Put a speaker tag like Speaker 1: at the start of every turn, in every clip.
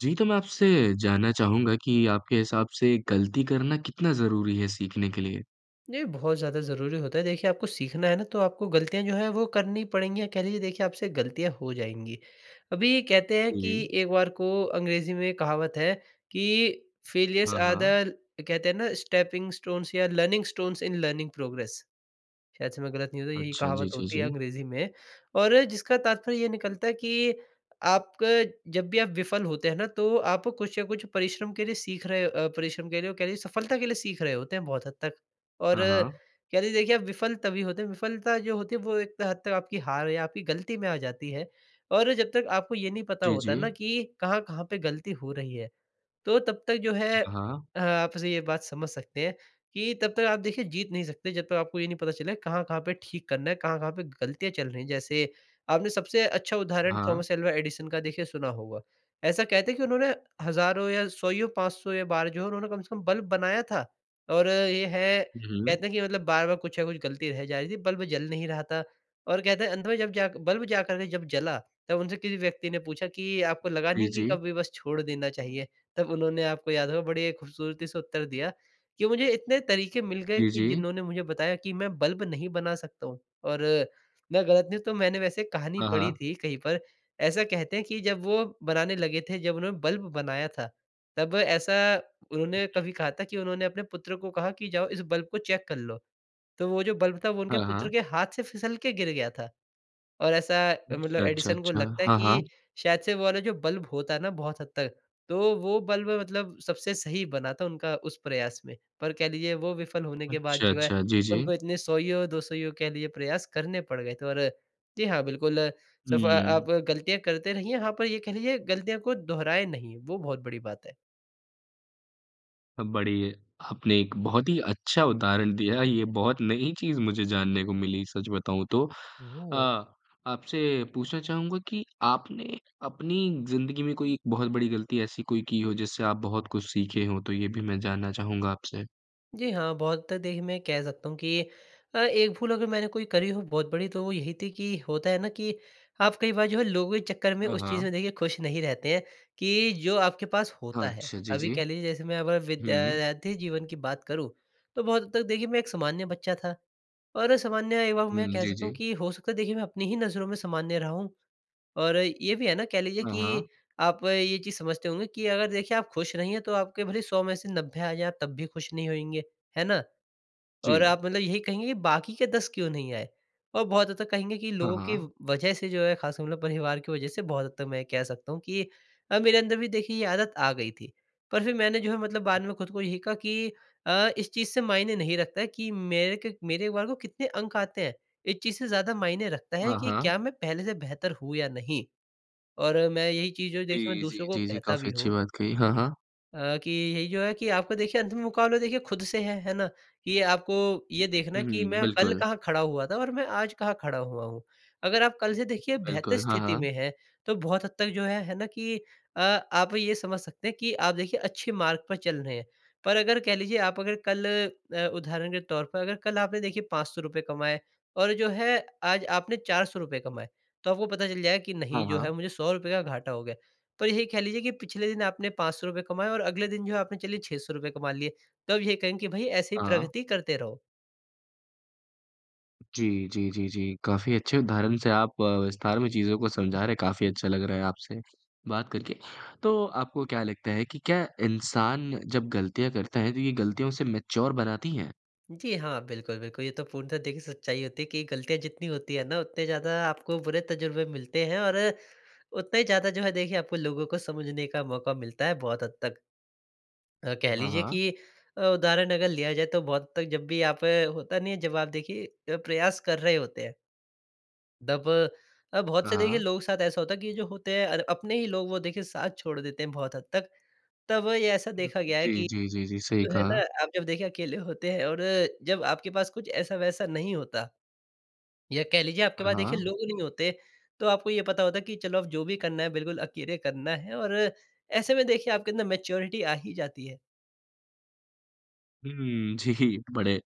Speaker 1: जी तो मैं आपसे जानना चाहूँगा कि आपके हिसाब से गलती करना कितना ज़रूरी है सीखने के लिए?
Speaker 2: ये बहुत ज़्यादा ज़रूरी होता है। देखिए आपको सीखना है ना तो आपको गलतियाँ जो है वो करनी पड़ेंगी या कह लीजिए देखिए आपसे गलतियाँ हो जाएँगी। अभी कहते हैं कि
Speaker 1: बोलिए।
Speaker 2: एक बार को अंग्रेजी में कहावत है कि फ़ेलियर्स
Speaker 1: हाँ,
Speaker 2: आर
Speaker 1: हाँ।
Speaker 2: द कहते हैं ना स्टेपिंग स्टोन्स या learning stones in learning progress. शायद से मैं गलत नहीं हूँ तो यही
Speaker 1: अच्छा जी,
Speaker 2: कहावत
Speaker 1: जी,
Speaker 2: होती है
Speaker 1: जी।
Speaker 2: अंग्रेज़ी में। और जिसका तात्पर्य ये निकलता है कि आपका जब भी आप विफल होते हैं ना तो आप कुछ या कुछ परिश्रम के लिए सीख रहे अ, परिश्रम के लिए और कह लीजिए सफलता के लिए सीख रहे होते हैं बहुत हद तक। और
Speaker 1: हाँ, हाँ।
Speaker 2: कहते हैं देखिए आप विफल तभी होते हैं विफलता जो होती है वो एक हद तक आपकी हार या आपकी गलती में आ जाती है। और जब तक आपको ये नहीं पता
Speaker 1: जी,
Speaker 2: होता ना
Speaker 1: जी।
Speaker 2: कि कहाँ-कहाँ पे गलती हो रही है, तो तब तक जो है
Speaker 1: हाँ।
Speaker 2: अ, आपसे ये बात समझ सकते हैं कि तब तक आप देखिए जीत नहीं सकते जब तक आपको ये नहीं पता चलेगा कहाँ-कहाँ पे ठीक करना है? कहाँ-कहाँ पे गलतियाँ चल रही हैं? जैसे आपने सबसे अच्छा उदाहरण
Speaker 1: हाँ।
Speaker 2: थॉमस अल्वा एडिसन का देखिए सुना होगा। ऐसा कहते हैं कि उन्होंने हजारों या 100 ईयो, 500 या बार जो है उन्होंने कम से कम बल्ब बनाया था। और ये है
Speaker 1: हुँ।
Speaker 2: कहते हैं कि मतलब बार-बार कुछ ना कुछ गलती रह जा रही थी, बल्ब जल नहीं रहा था और कहते हैं अंत में जब जा बल्ब जाकर के जब जला तब उनसे किसी व्यक्ति ने पूछा कि आपको लगा
Speaker 1: जी,
Speaker 2: नहीं कि
Speaker 1: जी।
Speaker 2: कभी बस छोड़ देना चाहिए? तब उन्होंने आपको याद होगा बड़ी खूबसूरती से उत्तर दिया कि "मुझे इतने तरीक़े मिल गए
Speaker 1: जी,
Speaker 2: कि
Speaker 1: जी।
Speaker 2: जिन्होंने मुझे बताया कि मैं बल्ब नहीं बना सकता हूँ।" और मैं गलत नहीं तो मैंने वैसे कहानी
Speaker 1: हाँ,
Speaker 2: पढ़ी
Speaker 1: हाँ।
Speaker 2: थी कहीं पर ऐसा कहते हैं कि जब वो बनाने लगे थे, जब उन्होंने बल्ब बनाया था तब ऐसा
Speaker 1: हुँ,
Speaker 2: उन्होंने
Speaker 1: हुँ।
Speaker 2: कभी कहा था कि उन्होंने अपने पुत्र को कहा कि "जाओ इस बल्ब को चेक कर लो।" तो वो जो बल्ब था वो उनके
Speaker 1: हाँ,
Speaker 2: पुत्र
Speaker 1: हाँ।
Speaker 2: के हाथ से फिसल के गिर गया था। और ऐसा मतलब
Speaker 1: अच्छा, अच्छा,
Speaker 2: एडिसन को
Speaker 1: अच्छा।
Speaker 2: लगता है
Speaker 1: हाँ, हाँ।
Speaker 2: कि शायद से वो वाला जो बल्ब होता है ना बहुत हद तक, तो वो बल्ब मतलब सबसे सही बना था उनका उस प्रयास में। पर कह लीजिए वो विफल होने के बाद
Speaker 1: अच्छा,
Speaker 2: जो है
Speaker 1: अच्छा। जी, जी।
Speaker 2: उनको इतने 100 ईयो 200 ईयो कह लीजिए प्रयास करने पड़ गए थे और जी हाँ बिल्कुल सफ
Speaker 1: हुँ।
Speaker 2: आप गलतियाँ करते रहिए। हाँ पर ये कह लीजिए गलतियाँ को दोहराएँ नहीं, वो बहुत बड़ी बात है।
Speaker 1: अ, बड़ी, आपने एक बहुत ही अच्छा उदाहरण दिया ये बहुत नई चीज़ मुझे जानने को मिली सच बताऊँ तो
Speaker 2: हुँ,
Speaker 1: अ,
Speaker 2: हुँ।
Speaker 1: आपसे पूछना चाहूँगा कि आपने अपनी ज़िंदगी में कोई एक बहुत बड़ी गलती ऐसी कोई की हो जिससे आप बहुत कुछ सीखे हो। तो ये भी मैं जानना चाहूँगा आपसे?
Speaker 2: जी हाँ, बहुत हद तक देखिए, मैं ये कह सकता हूँ कि अ, एक भूल अगर मैंने कोई करी हो बहुत बड़ी, तो वो यही थी कि होता है ना कि आप कई बार जो है लोगों के चक्कर में
Speaker 1: हाँ,
Speaker 2: उस चीज़
Speaker 1: हाँ।
Speaker 2: में देखिए ख़ुश नहीं रहते हैं, कि जो आपके पास
Speaker 1: हाँ,
Speaker 2: होता है।
Speaker 1: अच्छा जी,
Speaker 2: अभी
Speaker 1: जी।
Speaker 2: कह लीजिए जैसे मैं अगर
Speaker 1: हुँ।
Speaker 2: विद्यार्थी जीवन की बात करूँ तो बहुत हद तक देखिए मैं एक सामान्य बच्चा था और सामान्य एक बार में मैं
Speaker 1: हुँ।
Speaker 2: कह
Speaker 1: जी,
Speaker 2: सकता हूँ
Speaker 1: जी।
Speaker 2: कि हो सकता है देखिए मैं अपनी ही नज़रों में सामान्य रहा हूँ। और ये भी है ना कह लीजिए
Speaker 1: हाँ, हाँ।
Speaker 2: कि आप ये चीज़ समझते होंगे कि अगर देखिए आप ख़ुश नहीं हैं तो आपके भले 100 में से 90 आ जाए तब भी ख़ुश नहीं होएँगे, हैं ना? और
Speaker 1: जी।
Speaker 2: आप मतलब यही कहेंगे कि बाकी के 10 क्यों नहीं आए। और बहुत हद तक कहेंगे कि
Speaker 1: हाँ,
Speaker 2: लोगों की
Speaker 1: हाँ।
Speaker 2: व वजह से जो है ख़ासकर मतलब परिवार की वजह से, बहुत हद तक मैं ये कह सकता हूँ कि अ, मेरे अंदर भी देखिए ये आदत आ गई थी। पर फ़िर मैंने जो है मतलब बाद में खुद को यही कहा कि अ, इस चीज़ से मायने नहीं रखता है कि मेरे के मेरे एक बार को कितने अंक आते हैं। इस चीज़ से ज़्यादा मायने रखता है
Speaker 1: हाँ,
Speaker 2: कि
Speaker 1: हाँ।
Speaker 2: क्या मैं पहले से बेहतर हूँ या नहीं। और मैं यही चीज़ों देखिए मैं
Speaker 1: जी, जी।
Speaker 2: दूसरों को
Speaker 1: जी, जी
Speaker 2: कहता
Speaker 1: काफ़ी
Speaker 2: भी
Speaker 1: अच्छी
Speaker 2: हूँ।
Speaker 1: बात कही। हाँ, हाँ।
Speaker 2: अ, कि यही जो है कि आपको देखिए अंतिम मुकाबला देखिए ख़ुद से है। है ना? ये आपको ये देखना
Speaker 1: हुँ,
Speaker 2: है
Speaker 1: हुँ,
Speaker 2: कि
Speaker 1: हुँ।
Speaker 2: मैं कल
Speaker 1: बिल्कुल।
Speaker 2: कहाँ खड़ा हुआ था और मैं आज कहाँ खड़ा हुआ हूँ। अगर आप कल से देखिए बेहतर
Speaker 1: बिल्कुल। हाँ,
Speaker 2: स्थिति
Speaker 1: हाँ।
Speaker 2: में हैं तो बहुत हद तक जो है, है ना कि अ, आप ये समझ सकते हैं कि आप देखिए अच्छे मार्ग पर चल रहे है। पर अगर कह लीजिए आप अगर कल अ, उदाहरण के तौर पर अगर कल आपने देखिए ₹500 कमाए और जो है आज आपने ₹400 कमाए तो आपको पता चल जाएगा कि
Speaker 1: हाँ,
Speaker 2: नहीं जो है
Speaker 1: हाँ।
Speaker 2: मुझे ₹100 का घाटा हो गया। पर यही कह लीजिए कि पिछले दिन आपने ₹500 रुपये कमाए और अगले दिन जो है आपने चलिए ₹600 कमा लिए तो अब ये कहेंगे कि भई ऐसे ही
Speaker 1: हाँ।
Speaker 2: प्रगति करते रहो।
Speaker 1: जी, जी, जी, जी। काफ़ी अच्छे उदाहरण से आप विस्तार में चीज़ों को समझा रहे हैं। काफ़ी अच्छा लग रहा है आपसे बात करके। तो आपको क्या लगता है कि क्या इंसान जब गलतियाँ करता है तो, ये गलतियों उसे मैच्योर बनाती है?
Speaker 2: जी हाँ, बिल्कुल, बिल्कुल ये तो पूर्णतः देखिए सच्चाई होती है कि गलतियाँ जितनी होती हैं ना, उतने ज़्यादा आपको बुरे तज़ुर्बे मिलते हैं और उतना ही ज़्यादा जो है देखिए आपको लोगों को समझने का मौका मिलता है बहुत हद तक। अ, कह
Speaker 1: हाँ,
Speaker 2: लीजिए
Speaker 1: हाँ।
Speaker 2: कि अ, उदाहरण अगर लिया जाए तो बहुत तक जब भी यहाँ पे होता नहीं है जब आप देखिए प्रयास कर रहे होते हैं दब अब बहुत
Speaker 1: हाँ,
Speaker 2: से देखिए
Speaker 1: हाँ।
Speaker 2: लोगों के साथ ऐसा होता है कि ये जो होते हैं और अपने ही लोग वो देखिए साथ छोड़ देते है बहुत हद तक। तब ये ऐसा देखा
Speaker 1: बिल्कुल।
Speaker 2: गया है
Speaker 1: जी,
Speaker 2: कि
Speaker 1: जी, जी, जी। सही
Speaker 2: जो है
Speaker 1: कहा।
Speaker 2: ना आप जब देखिए अकेले होते है और जब आपके पास कुछ ऐसा-वैसा नहीं होता। या कह लीजिए आपके
Speaker 1: हाँ,
Speaker 2: पास देखिए
Speaker 1: हाँ।
Speaker 2: लोग नहीं होते, तो आपको ये पता होता है कि चलो अब जो भी करना है बिल्कुल अकेले करना है। और ऐसे में देखिए आपके अंदर मैच्योरिटी आ ही जाती है।
Speaker 1: हुँ, जी। बड़े,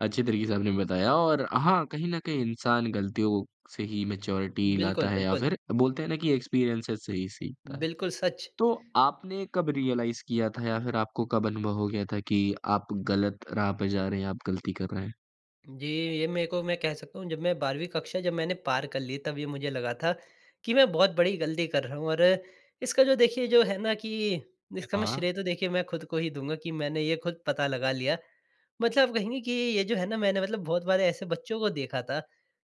Speaker 1: अच्छे तरीके से आपने बताया और हाँ कहीं न कहीं इंसान गलतियों से ही मैच्योरिटी
Speaker 2: बिल्कुल,
Speaker 1: लाता है या
Speaker 2: बिल्कुल।
Speaker 1: फिर बोलते हैं ना, कि एक्सपीरियंसेज़ से ही सीखता है।
Speaker 2: बिल्कुल सच।
Speaker 1: तो आपने कब रियलाइज़ किया था या फिर आपको कब अनुभव हो गया था कि आप गलत राह पे जा रहे हैं? आप गलती कर रहे हैं?
Speaker 2: जी, ये मेरे को मैं कह सकता हूँ जब मैं 12वीं कक्षा जब मैंने पार कर ली तब ये मुझे लगा था कि मैं बहुत बड़ी गलती कर रहा हूँ। और इसका जो देखिए जो है ना कि इसका मैं
Speaker 1: हाँ।
Speaker 2: श्रेय तो देखिए मैं खुद को ही दूँगा कि मैंने ये खुद पता लगा लिया। मतलब कहेंगे कि ये जो है ना मैंने मतलब बहुत बार ऐसे बच्चों को देखा था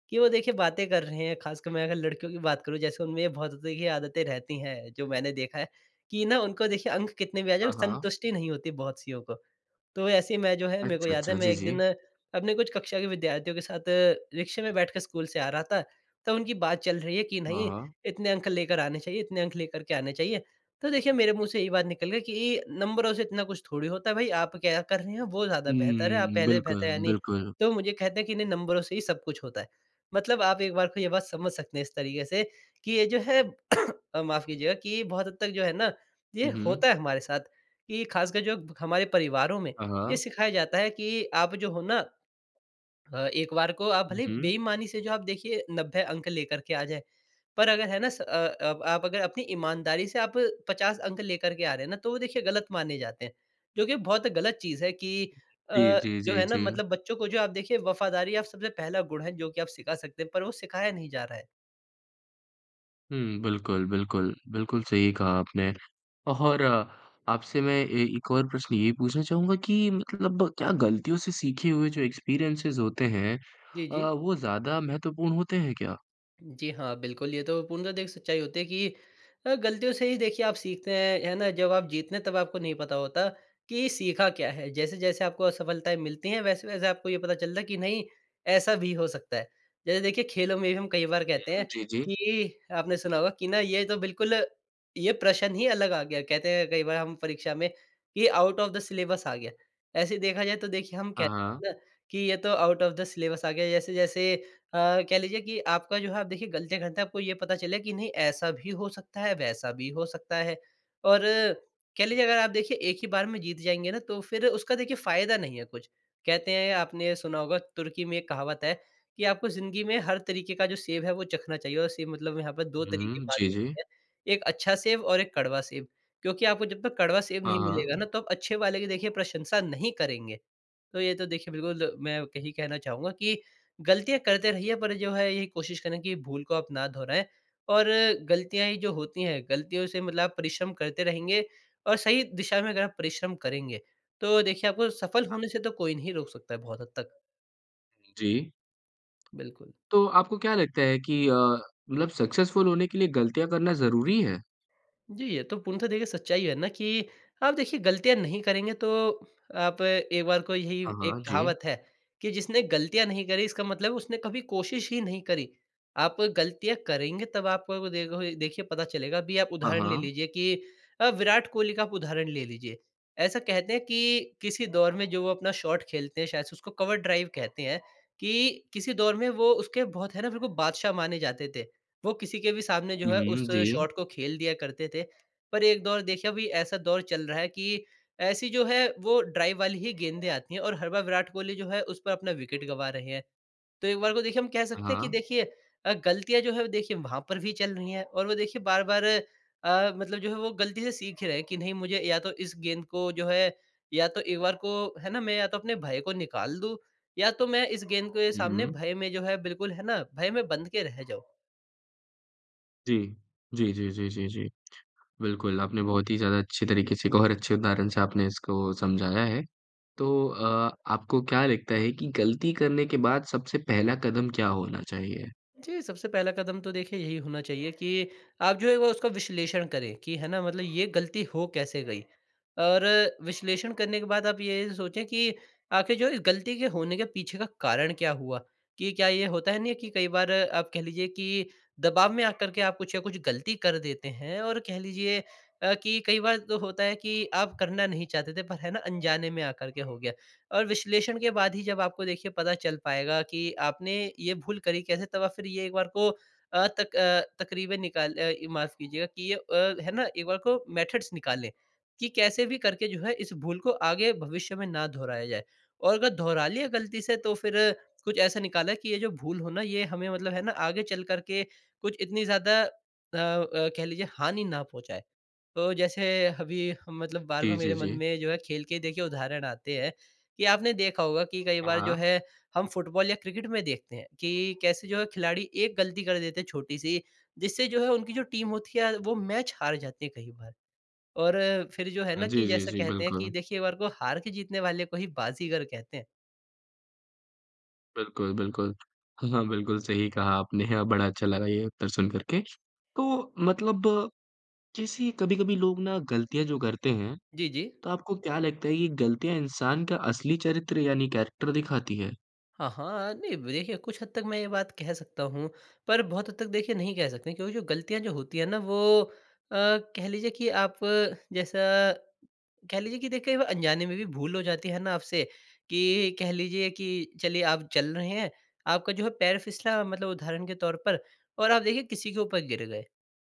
Speaker 2: कि वो देखिए बातें कर रहे हैं, ख़ासकर मैं अगर लड़कियों की बात करूँ जैसे उनमें ये बहुत देखिए आदतें रहती हैं जो मैंने देखा है कि ना उनको देखिए अंक कितने भी आ जाएँ
Speaker 1: हाँ, हाँ।
Speaker 2: संतुष्टि नहीं होती बहुत सियों को। तो ऐसे मैं जो है मेरे को
Speaker 1: अच्छा,
Speaker 2: याद है
Speaker 1: अच्छा।
Speaker 2: मैं
Speaker 1: जी,
Speaker 2: 1 दिन
Speaker 1: जी।
Speaker 2: अपने कुछ कक्षा के विद्यार्थियों के साथ रिक्शे में बैठ के स्कूल से आ रहा था। तब उनकी बात चल रही है कि
Speaker 1: हाँ,
Speaker 2: नहीं
Speaker 1: हाँ।
Speaker 2: इतने अंक लेकर आने चाहिए, इतने अंक लेकर के आने चाहिए। तो देखिए मेरे मुँह से यही बात निकल गई कि नंबरों से इतना कुछ थोड़ी होता है भई, आप क्या कर रहे हैं वो ज़्यादा बेहतर है। आप
Speaker 1: हुँ।
Speaker 2: पहले से बेहतर है
Speaker 1: बिल्कुल,
Speaker 2: नहीं?
Speaker 1: बिल्कुल।
Speaker 2: तो मुझे कहते हैं कि नहीं नंबरों से ही सब कुछ होता है। मतलब आप एक बार को ये बात समझ सकते हैं इस तरीके से कि ये जो है माफ़ कीजिएगा कि बहुत हद तक जो है ना, ये
Speaker 1: हुँ, हुँ।
Speaker 2: होता है हमारे साथ कि ख़ासकर जो हमारे परिवारों में
Speaker 1: हाँ,
Speaker 2: ये
Speaker 1: हाँ।
Speaker 2: सिखाया जाता है कि आप जो हो न अ, एक बार को आप
Speaker 1: ऊ,
Speaker 2: भले ही
Speaker 1: हुँ।
Speaker 2: बेईमानी से जो आप देखिये 90 अंक लेकर के आ जाएँ, पर अगर है न स अ अ, आप अगर अपनी ईमानदारी से आप 50 अंक लेकर के आ रहे हैं ना तो वो देखिए गलत माने जाते हैं। जो कि बहुत गलत चीज़ है कि अ,
Speaker 1: जी, जी,
Speaker 2: जो
Speaker 1: जी,
Speaker 2: है न
Speaker 1: जी।
Speaker 2: मतलब बच्चों को जो आप देखिए वफ़ादारी आप सबसे पहला गुण है जो कि आप सिखा सकते हैं पर वो सिखाया नहीं जा रहा है।
Speaker 1: हुँ, बिल्कुल, बिल्कुल। बिल्कुल, सही कहा आपने। और आपसे मैं ए एक और प्रश्न ये पूछना चाहूँगा कि मतलब क्या गलतियों से सीखे हुए जो एक्सपीरियंसेज़ होते हैं
Speaker 2: जी,
Speaker 1: अ,
Speaker 2: जी।
Speaker 1: वो ज़्यादा महत्वपूर्ण होते हैं क्या?
Speaker 2: जी हाँ, बिल्कुल ये तो पूर्णतः द एक सच्चाई होती है कि अ, गलतियों से ही देखिए आप सीखते हैं, है ना जब आप जीतते हैं, तब आपको नहीं पता होता कि सीखा क्या है। जैसे-जैसे आपको असफलताएँ मिलती हैं वैसे-वैसे आपको ये पता चलता है कि नहीं ऐसा भी हो सकता है। जैसे देखिए खेलों में भी हम कई बार कहते
Speaker 1: हुँ।
Speaker 2: हैं
Speaker 1: जी, जी।
Speaker 2: कि आपने सुना होगा कि ना ये तो बिल्कुल ये प्रश्न ही अलग आ गया। कहते हैं कई बार हम परीक्षा में कि आउट ऑफ द सिलेबस आ गया। ऐसे देखा जाए तो देखिए हम
Speaker 1: हाँ,
Speaker 2: कहते
Speaker 1: हाँ।
Speaker 2: हैं ना कि ये तो आउट ऑफ द सिलेबस आ गया जैसे-जैसे अ, कह लीजिए कि आपका जो है आप देखिए गलतियाँ करते हैं आपको ये पता चले कि नहीं ऐसा भी हो सकता है, वैसा भी हो सकता है और कह लीजिए अगर आप देखिए एक ही बार में जीत जाएँगे, ना तो फ़िर उसका देखिए फ़ायदा नहीं है कुछ। कहते हैं आपने सुना होगा तुर्की में एक कहावत है कि आपको ज़िंदगी में हर तरीक़े का जो सेब है वो चखना चाहिए और सेब मतलब यहाँ पर 2 तरीक़े की
Speaker 1: हुँ।
Speaker 2: बात
Speaker 1: जी, जी।
Speaker 2: होती है। एक अच्छा सेब और एक कड़वा सेब क्योंकि आपको जब तक कड़वा सेब
Speaker 1: हाँ,
Speaker 2: नहीं
Speaker 1: हाँ।
Speaker 2: मिलेगा ना तो आप अच्छे वाले की देखिए प्रशंसा नहीं करेंगे। तो ये तो देखिए बिल्कुल मैं यही कहना चाहूँगा कि गलतियाँ करते रहिए पर जो है यही कोशिश करें कि भूल को आप ना दोहराएँ और गलतियाँ जो होती हैं गलतियों से मतलब आप परिश्रम करते रहेंगे और सही दिशा में अगर आप परिश्रम करेंगे तो देखिए आपको सफ़ल
Speaker 1: हाँ।
Speaker 2: होने से तो कोई नहीं रोक सकता है बहुत हद तक।
Speaker 1: हुँ, जी।
Speaker 2: बिल्कुल।
Speaker 1: तो आपको क्या लगता है कि अ, मतलब सक्सेसफ़ुल होने के लिए गलतियाँ करना ज़रूरी है?
Speaker 2: जी, ये तो पूर्णतः देखिए सच्चाई है ना कि आप देखिए गलतियाँ नहीं करेंगे तो आप एक बार को यही
Speaker 1: हाँ,
Speaker 2: एक
Speaker 1: हाँ। जी।
Speaker 2: कहावत है कि जिसने गलतियाँ नहीं करीं इसका मतलब है उसने कभी कोशिश ही नहीं करी। आप गलतियाँ करेंगे तब आपको देखोगे देखिए पता चलेगा। अभी आप
Speaker 1: हाँ,
Speaker 2: उदाहरण ले
Speaker 1: हाँ।
Speaker 2: लीजिए कि अ, विराट कोहली का आप उदाहरण ले लीजिए। ऐसा कहते हैं कि किसी दौर में जो वो अपना शॉट खेलते हैं शायद से उसको कवर ड्राइव कहते हैं। कि किसी दौर में वो उसके बहुत है ना, बिल्कुल बादशाह माने जाते थे। वो किसी के भी सामने जो
Speaker 1: हुँ,
Speaker 2: है, उस
Speaker 1: हुँ। जी।
Speaker 2: शॉट को खेल दिया करते थे। पर एक दौर देखिए अभी ऐसा दौर चल रहा है कि ऐसी जो है वो ड्राइव वाली ही गेंदें आती हैं और हर बार विराट कोहली जो है उस पर अपना विकेट गँवा रहे हैं। तो एक बार को देखिए हम कह सकते हैं कि
Speaker 1: हाँ।
Speaker 2: देखिए अ, गलतियाँ जो हैं वो देखिए वहाँ पर भी चल रहीं हैं और वो देखिए बार-बार अ, मतलब जो है वो गलती से सीख ही रहे हैं कि नहीं मुझे या तो इस गेंद को जो है या तो एक बार को है ना मैं या तो अपने भय को निकाल दूँ या तो मैं इस गेंद के
Speaker 1: हुँ,
Speaker 2: सामने
Speaker 1: हुँ।
Speaker 2: भय में जो है बिल्कुल है ना भय में बंध के रह जाऊँ।
Speaker 1: जी। जी, जी, जी, जी, जी। बिल्कुल, आपने बहुत ही ज़्यादा अच्छी तरीके से एक और अच्छे उदाहरण से आपने इसको समझाया है। तो अ, आपको क्या लगता है कि ग़लती करने के बाद सबसे पहला कदम क्या होना चाहिए?
Speaker 2: जी, सबसे पहला कदम तो देखिए यही होना चाहिए कि आप जो है वो उसका विश्लेषण करें कि है ना मतलब ये ग़लती हो कैसे गई? और विश्लेषण करने के बाद आप ये सोचें कि आख़िर जो ग़लती के होने के पीछे का कारण क्या हुआ? कि क्या ये होता है नहीं कि कई बार आप कह लीजिए की दबाव में आकर के आप कुछ न कुछ ग़लती कर देते हैं। और कह लीजिए अ, कि कई बार तो होता है कि आप करना नहीं चाहते थे पर है ना अनजाने में आकर के हो गया। और विश्लेषण के बाद ही जब आपको देखिए पता चल पाएगा कि आपने ये भूल करी कैसे तब आप फ़िर ये एक बार को अ, तक अ, तक़रीबें निकाल अ, माफ़ कीजियेगा कि ये अ, है ना एक बार को मेथड्स निकाले कि कैसे भी करके जो है इस भूल को आगे भविष्य में ना दोहराया जाए। और अगर दोहरा लिया ग़लती से तो फ़िर कुछ ऐसा निकाला कि ये जो भूल हो ना ये हमें मतलब है ना आगे चल कर के कुछ इतनी ज़्यादा अ अ, कह लीजिये हानि ना पहुँचाए। अ, जैसे अभी मतलब बार-बार
Speaker 1: जी,
Speaker 2: मेरे
Speaker 1: जी,
Speaker 2: मन
Speaker 1: जी।
Speaker 2: में जो है खेल के देखिए उदाहरण आते हैं कि आपने देखा होगा कि कई
Speaker 1: हाँ,
Speaker 2: बार जो
Speaker 1: हाँ।
Speaker 2: है हम फुटबॉल या क्रिकेट में देखते हैं कि कैसे जो है खिलाड़ी एक ग़लती कर देते हैं छोटी-सी जिससे जो है उनकी जो टीम होती है वो मैच हार जाती है कई बार। और फ़िर जो है ना
Speaker 1: हाँ,
Speaker 2: कि
Speaker 1: जी, जी,
Speaker 2: जैसे
Speaker 1: जी,
Speaker 2: कहते हैं की
Speaker 1: बिल्कुल।
Speaker 2: देखिए एक बार को हार के जीतने वाले को ही बाज़ीगर कहते हैं।
Speaker 1: बिल्कुल, बिल्कुल। हाँ, हाँ बिल्कुल सही कहा आपने बड़ा अच्छा लगा ये उत्तर सुन कर के। तो मतलब जैसे कभी-कभी लोग ना गलतियाँ जो करते हैं,
Speaker 2: जी, जी।
Speaker 1: तो आपको क्या लगता है ये गलतियाँ इंसान का असली चरित्र यानी कैरेक्टर दिखाती है?
Speaker 2: हाँ, हाँ। अ, नहीं देखिए कुछ हद तक मैं ये बात कह सकता हूँ, पर बहुत हद तक देखिए नहीं कह सकते। क्योंकि जो गलतियाँ जो होती हैं ना वो अ, कह लीजिए कि आप अ, जैसा कह लीजिए कि देखिए कई बार अनजाने में भी भूल हो जाती है ना आपसे कि कह लीजिए कि चलिए आप चल रहे हैं आपका जो है पैर फिसला मतलब उदाहरण के तौर पर और आप देखिए किसी के ऊपर गिर गए।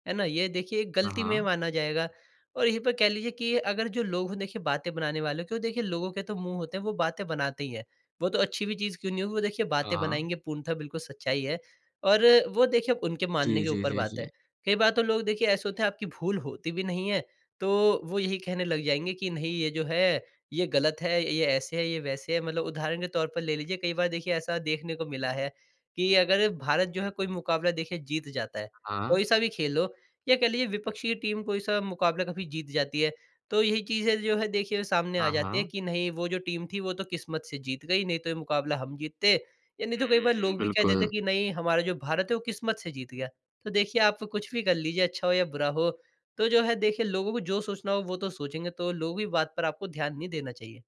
Speaker 2: है ना? ये देखिए
Speaker 1: हाँ,
Speaker 2: गलती में
Speaker 1: हाँ।
Speaker 2: माना जाएगा। और यहीं पे कह लीजिए कि अगर जो लोग हो देखिए बातें बनाने वाले, तो देखिए लोगों के तो मुँह होते हैं, वो बातें बनाते ही हैं। वो तो अच्छी भी चीज़ क्यों नहीं हो, देखिए
Speaker 1: हाँ,
Speaker 2: बातें
Speaker 1: हाँ।
Speaker 2: बनाएँगे पूर्णतः बिल्कुल सच्चाई है, और वो देखिए उनके मानने
Speaker 1: जी,
Speaker 2: के
Speaker 1: जी,
Speaker 2: ऊपर
Speaker 1: जी,
Speaker 2: बात
Speaker 1: जी।
Speaker 2: है। कई बार तो लोग देखिए ऐसे होते हैं, आपकी भूल होती भी नहीं है, तो वो यही कहने लग जाएँगे कि नहीं ये जो है, ये गलत है, ये ऐसे है, ये वैसे है। मतलब उदाहरण के तौर पर ले लीजिए, कई बार देखिए ऐसा देखने को मिला है कि अगर भारत जो है कोई मुकाबला देखिए जीत जाता है।
Speaker 1: हाँ।
Speaker 2: कोई सा भी खेल हो या कह लीजिए विपक्षी टीम कोई सा मुकाबला कभी जीत जाती है तो यही चीज़ें जो है देखिए सामने आ
Speaker 1: हाँ,
Speaker 2: जाती है
Speaker 1: हाँ।
Speaker 2: कि नहीं वो जो टीम थी, वो तो किस्मत से जीत गई नहीं तो ये मुकाबला हम जीतते। या नहीं तो कई बार
Speaker 1: हुँ,
Speaker 2: लोग भी कह देते
Speaker 1: बिल्कुल।
Speaker 2: कि नहीं हमारा जो भारत है वो किस्मत से जीत गया। तो देखिए आप कुछ भी कर लीजिए अच्छा हो या बुरा हो। तो जो है देखिए लोगों को जो सोचना हो वो तो सोचेंगे। तो लोग की बात पर आपको ध्यान नहीं देना चाहिए।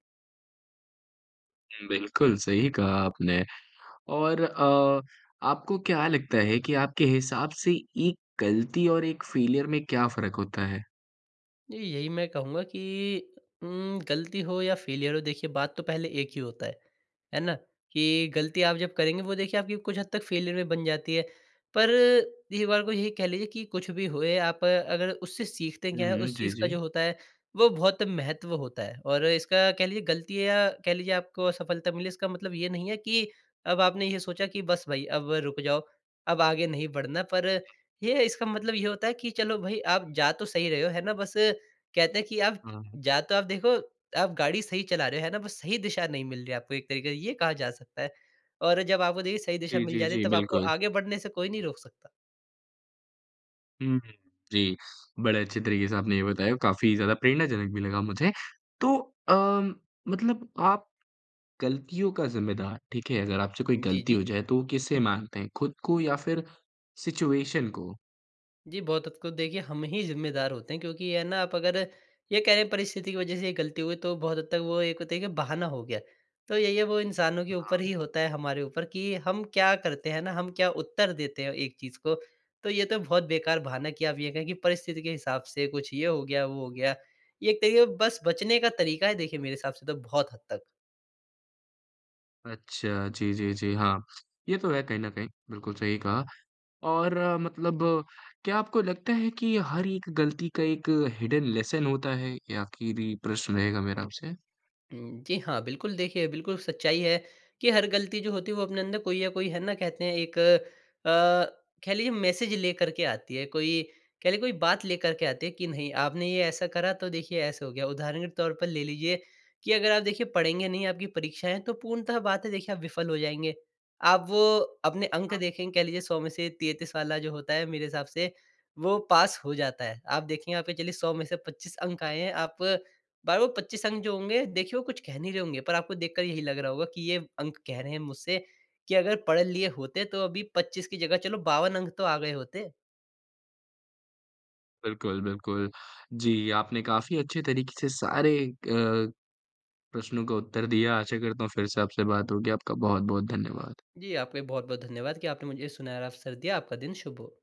Speaker 1: बिल्कुल, सही कहा आपने और अ, आपको क्या लगता है कि आपके हिसाब से एक गलती और एक फ़ेलियर में क्या फ़र्क होता है?
Speaker 2: जी, यही मैं कहूँगा कि उम, गलती हो या फ़ेलियर हो, देखिए, बात तो पहले एक ही होता है। है ना? कि गलती आप जब करेंगे, वो देखिए आपकी कुछ हद तक फ़ेलियर में बन जाती है। पर एक बार को यही कह लीजिए कि कुछ भी होए, आप अगर उससे सीखते
Speaker 1: हुँ,
Speaker 2: क्या हैं,
Speaker 1: हुँ,
Speaker 2: उस
Speaker 1: जी,
Speaker 2: चीज़ का
Speaker 1: जी।
Speaker 2: जो होता है, वो बहुत महत्व होता है और इसका कह लीजिए, गलती है या कह लीजिए आपको असफलता मिले, इसका मतलब ये नहीं है कि अब आपने ये सोचा कि, "बस भाई, अब रुक जाओ, अब आगे नहीं बढ़ना।" पर ये इसका मतलब ये होता है कि चलो भई, आप जा तो सही रहे हो। है ना? बस कहते हैं कि आप
Speaker 1: हाँ।
Speaker 2: जा तो आप देखो, आप गाड़ी सही चला रहे हो, है ना? बस सही दिशा नहीं मिल रही है आपको एक तरीके से, ये कहा जा सकता है और जब आपको, देखिए, सही दिशा
Speaker 1: जी,
Speaker 2: मिल
Speaker 1: जी,
Speaker 2: जाती है,
Speaker 1: जी,
Speaker 2: तब आपको
Speaker 1: बिल्कुल।
Speaker 2: आगे बढ़ने से कोई नहीं रोक सकता।
Speaker 1: हुँ, हुँ। जी, बड़े अच्छे तरीके से आपने ये बताया और काफ़ी ज़्यादा प्रेरणाजनक भी लगा मुझे। तो अ, मतलब आप गलतियों का ज़िम्मेदार ठीक है, अगर आपसे कोई
Speaker 2: जी,
Speaker 1: गलती हो
Speaker 2: जी।
Speaker 1: जाए, तो वो किसे मानते हैं, खुद को या फिर सिचुएशन को?
Speaker 2: जी, बहुत हद को देखिए हम ही ज़िम्मेदार होते हैं। क्योंकि ये है ना आप अगर ये कहें परिस्थिति की वज़ह से ये गलती हुई, तो बहुत हद तक वो एक होता है कि बहाना हो गया। तो यही है वो इंसानों के ऊपर
Speaker 1: हाँ।
Speaker 2: ही होता है, हमारे ऊपर कि हम क्या करते हैं ना हम क्या उत्तर देते हैं एक चीज़ को? तो, ये तो बहुत बेकार बहाना कि आप ये कहें कि परिस्थिति के हिसाब से कुछ ये हो गया, वो हो गया। ये एक तरीक़े से बस बचने का तरीक़ा है देखिए मेरे हिसाब से तो बहुत हद तक।
Speaker 1: अच्छा, जी, जी, जी। हाँ, ये तो है कहीं न कहीं बिल्कुल सही कहा। और मतलब क्या आपको लगता है कि हर एक ग़लती का एक हिडन लेसन होता है? ये आख़िरी प्रश्न रहेगा मेरा आपसे।
Speaker 2: हुँ। जी हाँ, बिल्कुल देखिए, बिल्कुल सच्चाई है कि हर गलती जो होती है वो अपने अंदर कोई या कोई है ना कहते हैं एक अ, कह लीजिए मैसेज लेकर के आती है, कोई कह लीजिए कोई बात लेकर के आती है कि नहीं आपने ये ऐसा करा, तो देखिए ऐसा हो गया। उदाहरण के तौर पर ले लीजिए कि अगर आप देखिए पढ़ेंगे नहीं आपकी परीक्षाएँ तो पूर्णतः बात है देखिए, आप विफल हो जाएँगे। आप वो अपने अंक
Speaker 1: अब
Speaker 2: देखेंगे कह लीजिए 100 में से 33 वाला जो होता है, मेरे हिसाब से वो पास हो जाता है। आप देखिए, यहाँ पे चलिए 100 में से 25 अंक आए हैं। आप बा वो 25 अंक जो होंगे देखिए वो कुछ कह नहीं रहे होंगे पर आपको देखकर यही लग रहा होगा कि ये अंक कह रहे हैं मुझसे कि अगर पढ़ लिए होते तो अभी 25 की जगह चलो 52 अंक तो आ गए होते।
Speaker 1: बिल्कुल, बिल्कुल। जी, आपने काफ़ी अच्छे तरीक़े से सारे अ, प्रश्नों का उत्तर दिया, आशा करता हूँ फ़िर से आपसे बात होगी। आपका बहुत-बहुत धन्यवाद।
Speaker 2: जी, आपका भी बहुत-बहुत धन्यवाद कि आपने मुझे सुनहरा अवसर दिया। आपका दिन शुभ हो।